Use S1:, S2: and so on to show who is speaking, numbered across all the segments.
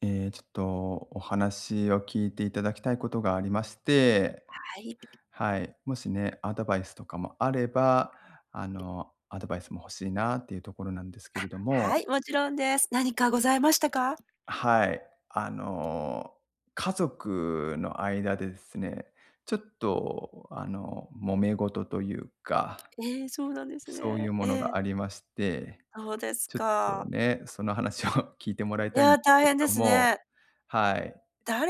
S1: ええ、ちょっと、お話を聞いていただきたいことがありまして、
S2: はい。
S1: はい、もしね、アドバイスとかもあれば、あの、アドバイスも欲しいなっていうところなんですけ
S2: あ、
S1: れども。
S2: はい、もちろんです。何かございましたか？
S1: はい、あの、家族の間でですね、ちょっとあの、揉め事というか、
S2: ええ、そうなんです
S1: そう
S2: ね。
S1: いうも
S2: え
S1: の
S2: え。
S1: がありまして、
S2: そうです
S1: ちょっと
S2: か。
S1: ね、その話を聞いてもらい
S2: い
S1: たいん
S2: や、
S1: です
S2: 大
S1: け
S2: 変で
S1: ど
S2: す
S1: も、
S2: ね。
S1: はい。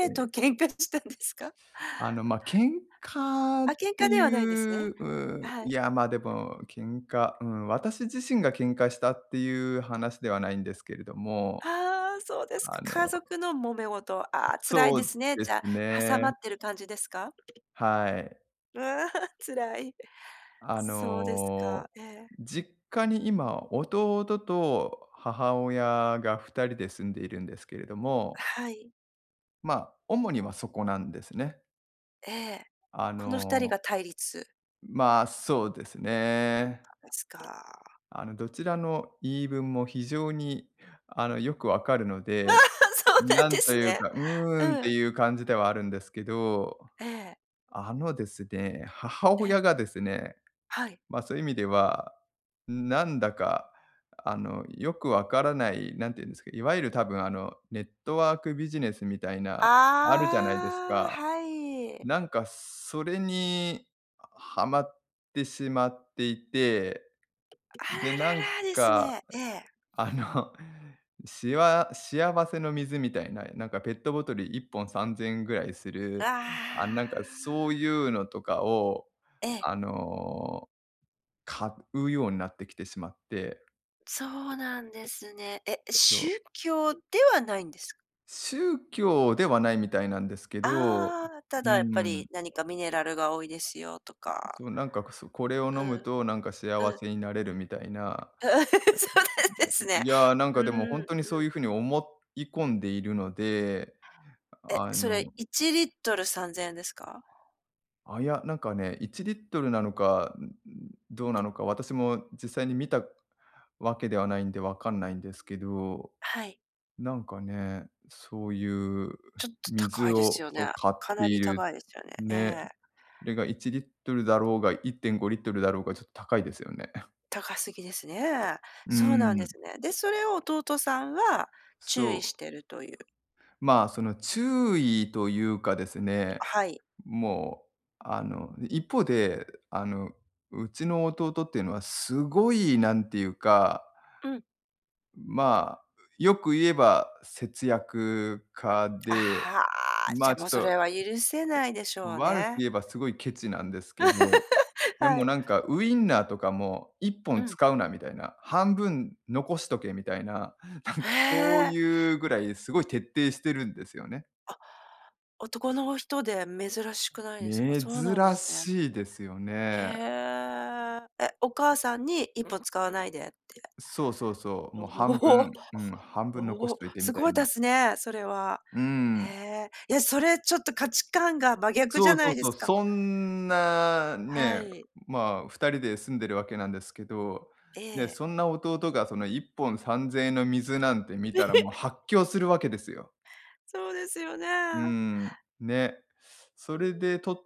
S1: え
S2: と
S1: え。
S2: 喧嘩したんですか？
S1: あの、ま、喧嘩
S2: あ、
S1: っ
S2: 喧
S1: て
S2: 嘩では
S1: い
S2: ないんですね。
S1: う、うう
S2: は
S1: い
S2: い。
S1: やまでも喧嘩、うーん、私自身が喧嘩したっていう話ではないんですけれども、
S2: ああ、そうですか。
S1: あ
S2: 家
S1: の
S2: 族のもめ事、ああ辛い
S1: そ
S2: です
S1: う
S2: ね。
S1: で
S2: じ
S1: す
S2: ゃあ、挟まっ
S1: ね。
S2: てる感じですか？
S1: はい。
S2: うわ、辛い、
S1: あ
S2: そうですか、
S1: の、
S2: ええ。
S1: 実家に今、弟と母親が2人で住んでいるんですけれども
S2: はい。
S1: ま、主にはそこなんですね。
S2: ええ、
S1: あ
S2: この2人
S1: の
S2: が対立？
S1: ま、そうですね。
S2: ですか。
S1: あの、どちらの言い分も非常に、あの、よくわかるの
S2: あ、
S1: で、
S2: そうなん
S1: な
S2: で
S1: んと
S2: す
S1: いう
S2: ね。
S1: か、うーん、っ
S2: う
S1: て
S2: ん。
S1: いう感じではあるんですけど、
S2: ええ。
S1: あの、ですね、母
S2: ええ。
S1: 親がですね、
S2: はい。
S1: ま、そういう意味ではなんだか、あの、よくわからない何て言うんですか、いわゆる多分、あの、ネットワークビジネスみたいなあるじゃないです
S2: ああ、
S1: か。
S2: はい。
S1: なんかそれにはまってしまっていて、
S2: あ
S1: で
S2: ら
S1: なん
S2: ららです
S1: か、
S2: ね、ええ。
S1: んあ の、しわ幸せの水みたいな、なんかペットボトル1本3000円ぐらいす
S2: う、
S1: る、あ、なん
S2: あ
S1: かそうい
S2: あ。
S1: うのとかを、
S2: ええ。
S1: あの、買うようになってきてしまって
S2: そうなんですね。え、
S1: そう。
S2: 宗教ではないんです？
S1: 宗教ではないみたいなんですけど、
S2: ああ、た
S1: うー
S2: だやっぱ
S1: ん。
S2: り何かミネラルが多いですよとか。
S1: そうなんかくそこれを飲
S2: う
S1: む
S2: ん、
S1: となんか幸
S2: うん。
S1: せになれるみたいな
S2: そうなんですね。
S1: いやなんかで
S2: う
S1: も
S2: ーん、
S1: ほんとにそ
S2: う
S1: う
S2: ん。
S1: いう風に思い込んでいるので、
S2: え、
S1: あ
S2: それ、
S1: の
S2: 1リットル3000円ですか？
S1: あ、いや、なんかね、1リットルなのか、ん、ん、どうなのか私も実際に見たわけではないんでわかんないんですけど、
S2: はい。
S1: なんかね、そういうう
S2: ちょっと高
S1: 水
S2: いです
S1: を、
S2: よ
S1: そ、
S2: ね。
S1: 買っ
S2: か
S1: て
S2: な
S1: い
S2: り
S1: る、
S2: 高いですよね、え
S1: ね。
S2: え。
S1: それが1リットルだろうが1.5リットルだろうがちょっと高いですよね。
S2: 高すぎですね、
S1: うー
S2: そうなんで
S1: ん。
S2: すね。で、それを弟さんは注
S1: そ
S2: 意し
S1: う。
S2: てるという。
S1: ま、その注意というかです
S2: あ、
S1: ね、
S2: はい。
S1: もう、あの、一方で、あの、うちの弟っていうのはすごい何ていうか、
S2: うん。
S1: ま、うよく言えば節約家
S2: あ
S1: で
S2: あ、じゃ、もうそれは許せないでしょう
S1: 悪く
S2: ね。
S1: 言えばすごいケチなんですけど、で
S2: は
S1: も
S2: い。
S1: なんかウインナーとかも「いっぽ
S2: う
S1: ん
S2: ん。
S1: 使うなみたいな、半分残しとけ」みたいななん
S2: へ
S1: かそう
S2: え。
S1: いうぐらいすごい徹底してるんですよね。
S2: あ、男の人で珍しくないですか、
S1: 珍
S2: そうなんですね。
S1: しいですよ
S2: へ
S1: ね。
S2: え、え、お母さんに1本使わないでって。
S1: そう、そう、そう。
S2: お、
S1: も、半 分、うん、半 分残
S2: お
S1: し
S2: お、
S1: といてみ
S2: す
S1: た
S2: ご
S1: い
S2: いで
S1: な。
S2: すね、それは。
S1: うー
S2: へ
S1: ん。
S2: え、いや、それちょっと価値観が真逆じ
S1: そ
S2: ゃ
S1: う、そ
S2: な
S1: う、
S2: いで
S1: そ
S2: す
S1: う、
S2: か。
S1: そんな
S2: は
S1: ね、
S2: い。
S1: ま、2人で住んでるわけなんですけど、
S2: え
S1: ね、
S2: え。
S1: そんな弟が、その1本3000円の水なんて見たらもう 発狂するわけですよ。
S2: そうですよ
S1: うー
S2: ね。
S1: ん、ね。そ
S2: う
S1: れで
S2: ん。
S1: と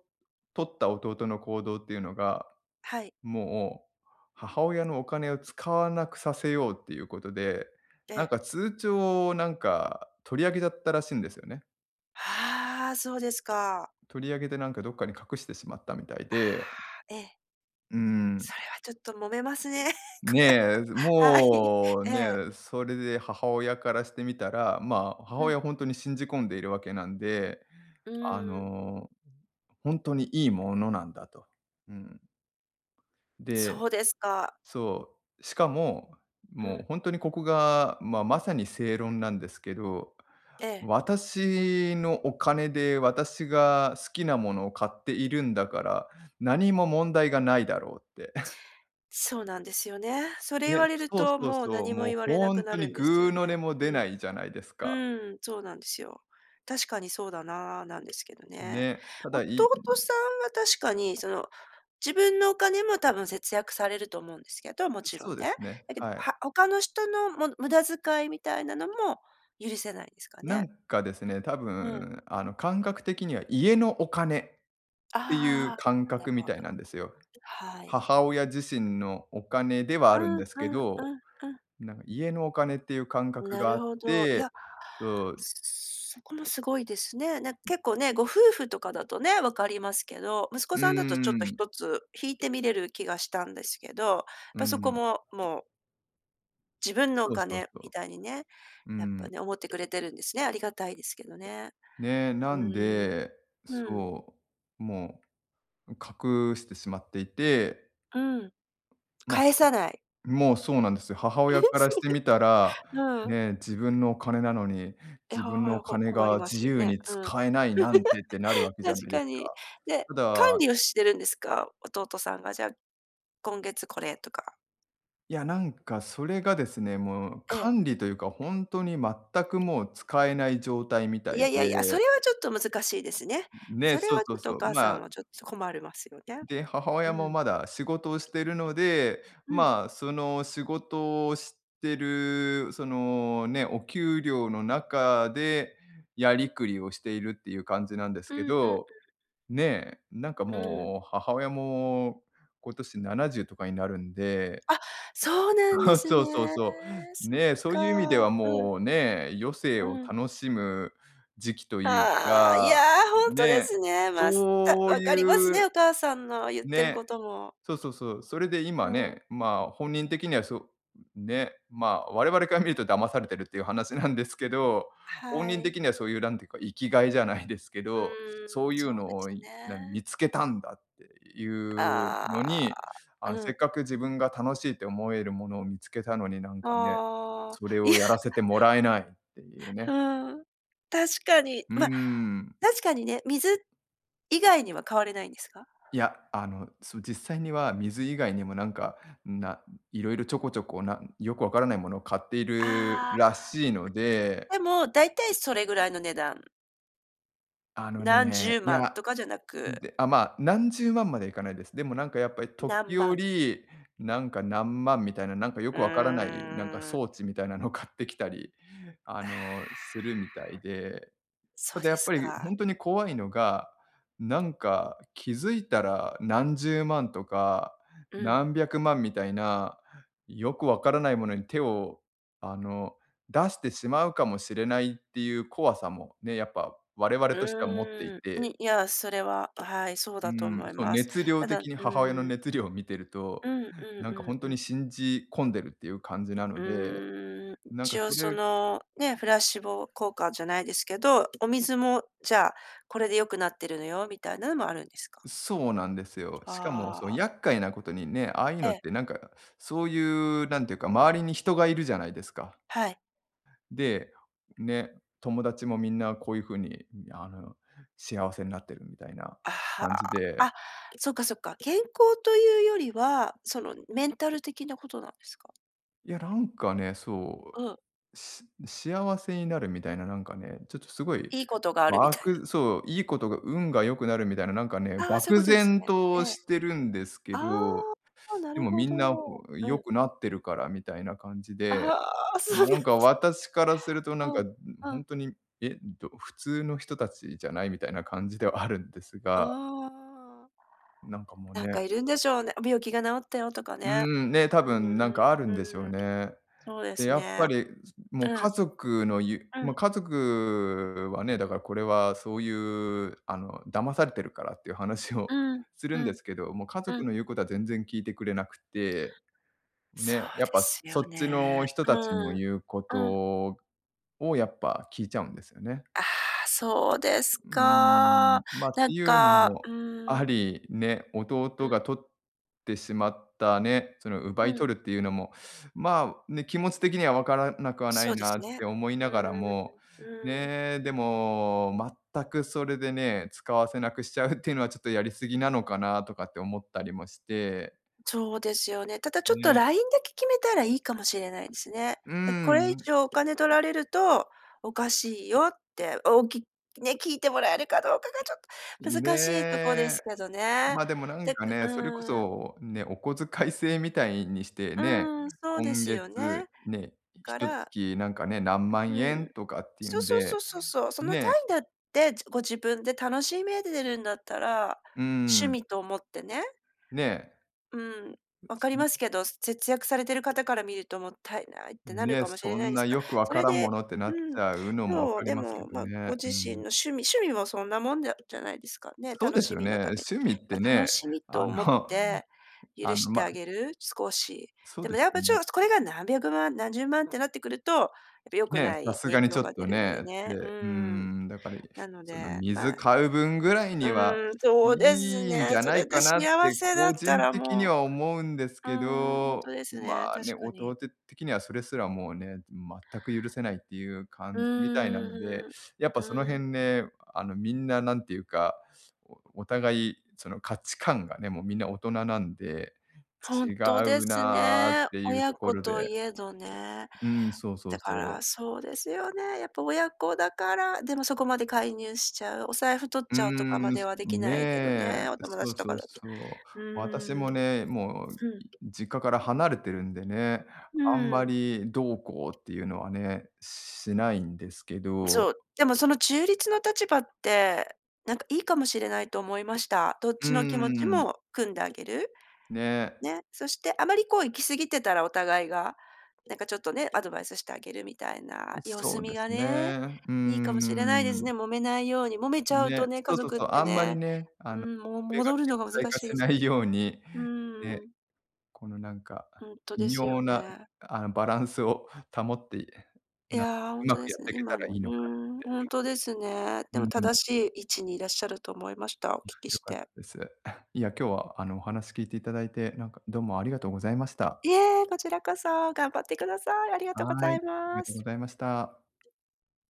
S1: 取った弟の行動っていうのが、
S2: はい。
S1: もう母親のお金を使わなくさせようっていうことで、
S2: え
S1: なん
S2: え。
S1: か通帳をなんか取り上げちゃったらしいんですよね。
S2: ああ、そうですか。
S1: 取り上げて、なんかどっかに隠してしまったみたい
S2: あ
S1: で
S2: あ、え。
S1: うん。
S2: それはちょっと揉めますね、こ
S1: ね、
S2: れは。はい。
S1: もう
S2: ええ。
S1: ね、それで母親からしてみたら、ま、母
S2: うん。
S1: 親ほんとに信じ込んでいるわけなんで、
S2: う
S1: あ
S2: ーん。
S1: の、ほんとにいいものなんだと。うん。で、
S2: そうですか。
S1: そう、しかも、
S2: う
S1: もう
S2: ん。
S1: ほんとにここが、ま、まさに正論なんですけど、
S2: ええ。
S1: 私のお金で、私が好きなものを買っているんだから、何も問題がないだろうって。
S2: そうなんですよね、それ言
S1: ね、
S2: われる
S1: そう、
S2: と
S1: そう、
S2: もう、
S1: そう、
S2: 何も
S1: もう
S2: 言われな
S1: ほ
S2: く
S1: ん
S2: な
S1: と
S2: る
S1: に、
S2: んです
S1: ぐう
S2: よ
S1: の
S2: ね、
S1: 音も出ない
S2: う
S1: じゃないですか。
S2: ん。うん、そうなんですよ。確かにそうだなあ、なんですけどね。
S1: ね、ただ
S2: 弟
S1: いん。
S2: さんは確かに、その、自分のお金も多分節約されると思うんですけど、もち
S1: そ
S2: ろ
S1: う
S2: ん
S1: で
S2: ね。
S1: すね、
S2: だけど、
S1: はい。
S2: は他の人の、も無駄遣いみたいなのも、許せないんですか
S1: な
S2: ね。
S1: んかですね、多
S2: うん。
S1: 分、あの、感覚的には家のお金っていう
S2: あ
S1: 感
S2: あ、な
S1: 覚
S2: る
S1: み
S2: ほ
S1: たい
S2: ど。
S1: なんですよ。
S2: はい。
S1: 母親自身のお金では
S2: う
S1: あるん
S2: ん、
S1: ですけ
S2: うん、
S1: ど、
S2: うん、うん。
S1: なんか家のお金っていう感覚
S2: な
S1: があ
S2: る
S1: っ
S2: ほど、い
S1: て
S2: や、
S1: そう。
S2: そこもすごいですね。なんか結構ね、ご夫婦とかだとね、分かりますけど、息子
S1: う
S2: さんだとちょっと
S1: ーん。
S2: 一つ引いて見れる気がしたんですけど、やっ
S1: う
S2: ぱそこ
S1: ん。
S2: ももう自分のお
S1: そうそう
S2: 金
S1: そ
S2: みたいにね、
S1: う。うー
S2: やっぱ
S1: ん。
S2: ね、思ってくれてるんですね、ありがたいですけどね。
S1: ね、な
S2: う
S1: ん
S2: ーん。
S1: で、
S2: うん。
S1: そう、もう隠してしまっていて。
S2: うん、
S1: ま。
S2: 返
S1: [unintelligible]
S2: さない。
S1: もうそうなんですよ。母
S2: え、
S1: 親から
S2: そ
S1: し
S2: れっ
S1: て
S2: て、
S1: みたら、
S2: うん。
S1: ね、自分のお金なのに、
S2: い
S1: 自
S2: は
S1: 分の
S2: は
S1: お
S2: ご、
S1: 金
S2: 困り
S1: が
S2: ます
S1: 自
S2: よ
S1: 由
S2: ね。
S1: に
S2: うん。
S1: 使えないなんてってなるわ けじゃ
S2: 確
S1: ないで
S2: か
S1: すか。
S2: に、で、
S1: た
S2: 管
S1: だ。
S2: 理をしてるんですか？弟さんが、じゃあ、今月これとか。
S1: いや、なんかそれがですね、もう
S2: ええ。
S1: 管理というか本当に全くもう使えない状態みた
S2: い
S1: い
S2: やいやいや、そ
S1: で。
S2: れは、ちょっと難しいですね。
S1: ね、
S2: それ
S1: そう
S2: は、ち
S1: そ
S2: ょっ
S1: う
S2: と
S1: そ
S2: お
S1: う。
S2: 母さ
S1: まあ
S2: んはちょっと困るますよね。
S1: で、母
S2: う
S1: 親も
S2: ん。
S1: まだ仕事をしているので、
S2: うん。
S1: まあその仕事をしてるそのね、お給料の中でやりくりをしているっていう感じなんです
S2: う
S1: け
S2: ん、うん、うん。
S1: ど、ね、なんか
S2: うーん。
S1: もう母親も今年70とかになるんで。
S2: あ、そうなん
S1: そ
S2: で
S1: う
S2: す
S1: そうそう
S2: ね。
S1: そう。
S2: そっ
S1: ね、そういう意味では
S2: か。うん。
S1: もうね、余生
S2: う
S1: を
S2: ん。
S1: 楽しむ時期という
S2: ああ、いや、
S1: か、
S2: 本当で
S1: ね、
S2: すね。ま、すった
S1: そう
S2: わかります
S1: いう
S2: ね、お母さんの言ってる
S1: ね、
S2: ことも。
S1: そうそうそう。それで
S2: う
S1: 今
S2: ん。
S1: ね、ま、本人的にはそう、ね、ま、我々から見ると騙されてるっていう話なんですけど、本
S2: は
S1: 人
S2: い。
S1: 的にはそういうなんていうか、生きがいじゃないですけ
S2: う
S1: ど、そ
S2: ー
S1: う
S2: ん、
S1: いう
S2: そうで
S1: のを
S2: す
S1: いなに
S2: ね。
S1: 見つけたんだっていうの
S2: あ
S1: に、あ
S2: あ、
S1: の
S2: う
S1: せっ
S2: ん。
S1: かく自分が楽しいと思えるものを見つけたのに、なんかね、
S2: あ
S1: そ
S2: あ、
S1: れ
S2: い
S1: を
S2: や。
S1: やらせてもらえないっていうね。
S2: うん。確かに。
S1: うー
S2: ま、
S1: ん。
S2: 確かにね、水以外には買われないんですか？
S1: いや、あの、その実際には水以外にもなんか、な色々ちょこちょこなよくわからないものを買っている
S2: ああ。
S1: らしいの で。
S2: でも、大体それぐらいの値段。
S1: あの
S2: 何
S1: ね、
S2: 十
S1: いや。
S2: 万
S1: あ、
S2: とかじゃなく。
S1: で、あ、まあ、何十万まではいかないです。でも、なんかやっぱり、
S2: 何
S1: 時
S2: 万。
S1: 折なんか、何万みたいな、なんか分
S2: う
S1: からない、なんか
S2: ーん。
S1: 装置みたいなのを買ってきたり、あ
S2: ああ。
S1: の、するみたいで。
S2: そ
S1: た
S2: う
S1: だ、や
S2: で
S1: っ
S2: す
S1: ぱり
S2: か。
S1: ほんとに怖いのが、なんか気付いたら、何十万とか
S2: うん。
S1: 何百万みたいな。よく分からないものに、手を、あの出してしまうかもしれないっていう怖さもね、やっぱ我々
S2: う
S1: としては持ってい
S2: ーん。
S1: て。
S2: にいや、それは、はい。そう
S1: う
S2: だと思
S1: ん、
S2: い
S1: そう
S2: ます。
S1: 熱量
S2: ただう
S1: 的に、母親の
S2: ーん。
S1: 熱量を見てると、
S2: うんうん
S1: なんか、
S2: う
S1: 本
S2: ん
S1: 当
S2: う
S1: に
S2: ん。
S1: 信じ込んでるっていう感じなの
S2: う
S1: で。
S2: ーん。
S1: なんか、
S2: 一応、
S1: そ
S2: そ
S1: れ
S2: の、ね。プラシーボ効果じゃないですけど、お水も、じゃあ、これで良くなってるのよ、みたいなもあるんですか？
S1: そうなんですよ。しかも、
S2: あ
S1: その
S2: あ。
S1: 厄介な事にね。ああ言う
S2: え
S1: のっ
S2: え。
S1: て、なんか、そういう、なんて言うか、周りに人がいるじゃないですか。
S2: はい。
S1: で、ね。友達も皆、こういう風に、あの幸せなってるみたいな
S2: あ、は。
S1: 感じで。
S2: あ、そっか、そっか、健康というよりは、そのメンタル的な事なんですか？
S1: いやなんかね、そ
S2: あ。
S1: う、し幸せになるみたいななんかね、ちょっとすごい、
S2: いいことがあるみ
S1: わ
S2: たいな。
S1: くそう、いいことが運が良くなるみたいな、なんかね、
S2: ああ、そういう
S1: 漠
S2: ことです
S1: 然
S2: ね。
S1: と
S2: ええ。
S1: してるんですけ
S2: あ
S1: ど、
S2: あ、な
S1: で
S2: る
S1: も
S2: ほ
S1: み
S2: ど、
S1: んな、こう、
S2: う
S1: 良
S2: ん。
S1: くなってるからみたいな感じで、
S2: ああ、そう
S1: ま、
S2: な
S1: な
S2: んだ。
S1: んか私からするとなん
S2: う
S1: か、
S2: ん、
S1: うん、ほ
S2: う
S1: ん
S2: ん。
S1: とに、えど普通の人たちじゃないみたいな感じではあるんです
S2: あ
S1: が。
S2: あ。
S1: なんかもう、
S2: なん
S1: ね。
S2: かいるんでしょうね、病気が治ったよとか
S1: うー
S2: ね。
S1: ん、ね、多
S2: うん。
S1: 分なんかあるんでしょう
S2: うん。
S1: ね。
S2: そうで
S1: で、
S2: す
S1: やっぱ
S2: ね。
S1: り、すもう
S2: う
S1: 家
S2: ん。
S1: 族のゆ
S2: う
S1: ま、
S2: ん。
S1: 家族はね、だからこれはそういうあの、騙されてるからっていう話を
S2: うん、
S1: する
S2: う
S1: んで
S2: ん、
S1: すけど、もう家
S2: う
S1: 族
S2: ん。
S1: の言うことは全然聞いてくれなくって、
S2: そ
S1: ね、
S2: う
S1: やっ
S2: で
S1: ぱ
S2: すよ
S1: そっちの
S2: ね。
S1: 人
S2: う
S1: たちの
S2: ーん。
S1: 言うこ
S2: うん。
S1: とをやっぱ聞いちゃうんですよね。
S2: ああ、そうです
S1: うー
S2: か。
S1: ん。ま、っ
S2: な
S1: て
S2: ん
S1: いうの
S2: かう
S1: もあ
S2: ーん。
S1: り、ね、
S2: う
S1: 弟
S2: ん。
S1: が取ってしまったね、その奪
S2: う
S1: い
S2: ん。
S1: 取るっていうのも、まあ、ね、気持ち的には分からなくはな
S2: そ
S1: い
S2: うで
S1: な
S2: す
S1: っ
S2: ね。
S1: て思いながら
S2: うん。
S1: も、
S2: うーん。
S1: ね、でも全くそれでね、使わせなくしちゃうっていうのはちょっとやりすぎなのかなとかって思ったりもして。
S2: ちょうですよね。ただちょっと
S1: ね。
S2: ラインだけ決めたらいいかもしれないですね。
S1: うー
S2: なんかこれ
S1: ん、
S2: 以
S1: う。
S2: 上お金取られると、おかしいよって、おきね、聞いてもらえるかどうかがちょっと難しいとこで
S1: ね。
S2: すけどね。
S1: ま、でもなん
S2: で
S1: かね、
S2: う
S1: それこ
S2: ーん。
S1: そ、ね、お小遣い制みたいにして
S2: う
S1: ね、
S2: ーん、そうで
S1: 今
S2: すよね、
S1: 月、
S2: だ
S1: ね、ひ
S2: か
S1: と
S2: ら
S1: 月なんかね、何
S2: う
S1: 万円
S2: ん、
S1: とかっていう
S2: そう
S1: ん
S2: そうそ
S1: で、
S2: うそうそう。その単
S1: ね。
S2: 位だって、ご自分で楽しめでるんだったら、
S1: うー
S2: 趣
S1: ん。
S2: 味と思ってね。
S1: ね。
S2: うん、分かります
S1: [unintelligible]
S2: けど、節約されてる方から見るともったいないってなる
S1: ね、
S2: かもしれ
S1: そ
S2: ない
S1: ん
S2: です
S1: な
S2: が、
S1: よく分
S2: そ
S1: か
S2: れ
S1: らんも
S2: で
S1: のって、な
S2: う
S1: っち
S2: ん、
S1: ゃうのも分
S2: そう、
S1: かり
S2: で
S1: ますけ
S2: も、
S1: ど
S2: まあご
S1: ね。う
S2: 自
S1: ー
S2: 身の
S1: ん。
S2: 趣味趣味もそんなもんじゃじゃないですか、ね、
S1: そう
S2: 楽
S1: です
S2: し
S1: よ
S2: み
S1: ね。
S2: のために。
S1: 趣味っ
S2: ま、
S1: てね、
S2: 楽しみと
S1: あ
S2: 思っ
S1: の
S2: て許
S1: あの、
S2: して
S1: ま
S2: あげる、少し。
S1: そう
S2: でも
S1: です
S2: やっぱち
S1: ね。
S2: ょっ、これが何百万、何十万ってなってくると、やっぱ、良く
S1: ね、
S2: な
S1: さ
S2: い
S1: す
S2: 影
S1: がにち
S2: 響
S1: ょっ
S2: が出
S1: と
S2: るので
S1: ね。
S2: ね、う
S1: でうー
S2: ーん。
S1: ん、だかり、
S2: なの
S1: その、
S2: で、ま
S1: 水
S2: あ
S1: 買う分ぐらいには
S2: うーん、そうです
S1: いいんじ
S2: ね、
S1: ゃ
S2: そ
S1: ない
S2: れで
S1: かなっ
S2: 幸
S1: て
S2: せだっ
S1: 個
S2: た
S1: 人
S2: ら
S1: 的に
S2: も
S1: は思うんです
S2: うう
S1: け
S2: ん、ほんと
S1: ど、
S2: ですね、
S1: まあ、
S2: 確
S1: ね、
S2: かに。
S1: 弟的にはそれすらもうね、全く許せないっていう
S2: う
S1: 感じみたいなので、
S2: ーん、う
S1: やっぱその
S2: ん、うーん。
S1: 辺ね、あの、みんな何ていうか、おお互いその、価値観がね、もうみんな大人なんで
S2: ほん
S1: 違
S2: とで
S1: う
S2: す
S1: なっ
S2: ね、
S1: ていう
S2: 親
S1: とこ
S2: 子
S1: ろ
S2: と
S1: で。
S2: 言えどね。
S1: うん、そうそ
S2: だ
S1: うそ
S2: から、
S1: う。
S2: そうですよね、やっぱ親子だから、でもそこまで介入しちゃう、お財布取っ
S1: う
S2: ちゃうとかま
S1: ーん、
S2: で
S1: す
S2: はできないけど
S1: ね、
S2: ね、お友
S1: そ
S2: 達
S1: う
S2: と
S1: そ
S2: か
S1: う、
S2: だと。
S1: そう。
S2: うー
S1: 私
S2: ん。
S1: もね、もう、
S2: う
S1: い
S2: ん。
S1: 実家から離れてるんでね、
S2: う
S1: あんま
S2: ーん。
S1: りどうこうっていうのはね、しないんですけど。
S2: そう、でもその中立の立場って、なんかいいかもしれないと思いました。どっ
S1: うー
S2: ちの気持ち
S1: ん。
S2: も汲んであげる、
S1: ね。
S2: ね。そしてあまりこう、行き過ぎてたらお互いが、なんかちょっとね、アドバイスしてあげるみたいな、
S1: う、
S2: 様
S1: そ
S2: 子
S1: う
S2: 見
S1: です
S2: が
S1: ね、
S2: ね、
S1: うー
S2: いいかもしれないです
S1: ん。
S2: ね、揉めないように、揉めちゃうと
S1: ね、
S2: ね、家
S1: そ、と、
S2: 族っ
S1: そう、
S2: て
S1: あんまり
S2: ね
S1: ね、あ
S2: う
S1: の、
S2: ーん、もう
S1: それが
S2: 戻る
S1: 顕
S2: のが
S1: 在
S2: 難
S1: 化
S2: しい
S1: し
S2: です
S1: な
S2: か
S1: いように、
S2: らう
S1: ね、
S2: ーん。
S1: このなんか、
S2: ほんと
S1: 微
S2: ですよ
S1: 妙な、
S2: ね。
S1: あ、バランスを保って、
S2: い
S1: な、
S2: や、ほ
S1: う
S2: んと
S1: ま
S2: で
S1: くやっ
S2: すね、
S1: ていけ
S2: 今
S1: たら
S2: の
S1: い
S2: う
S1: い
S2: ー
S1: のかっ
S2: ん、
S1: て。
S2: ほんとですね。
S1: う
S2: で
S1: ん
S2: も
S1: うん。
S2: 正しい位置にいらっしゃると思いました、お
S1: うん、
S2: 聞き
S1: 良
S2: し
S1: かった
S2: て。
S1: です。いや、今日はあのお話聞いていただいて、なんかどうもありがとうございました。
S2: いえ、こちらこそ。頑張ってください。ありがとうご
S1: はい、
S2: ざい
S1: ありが
S2: ま
S1: とうご
S2: す。
S1: ざいました。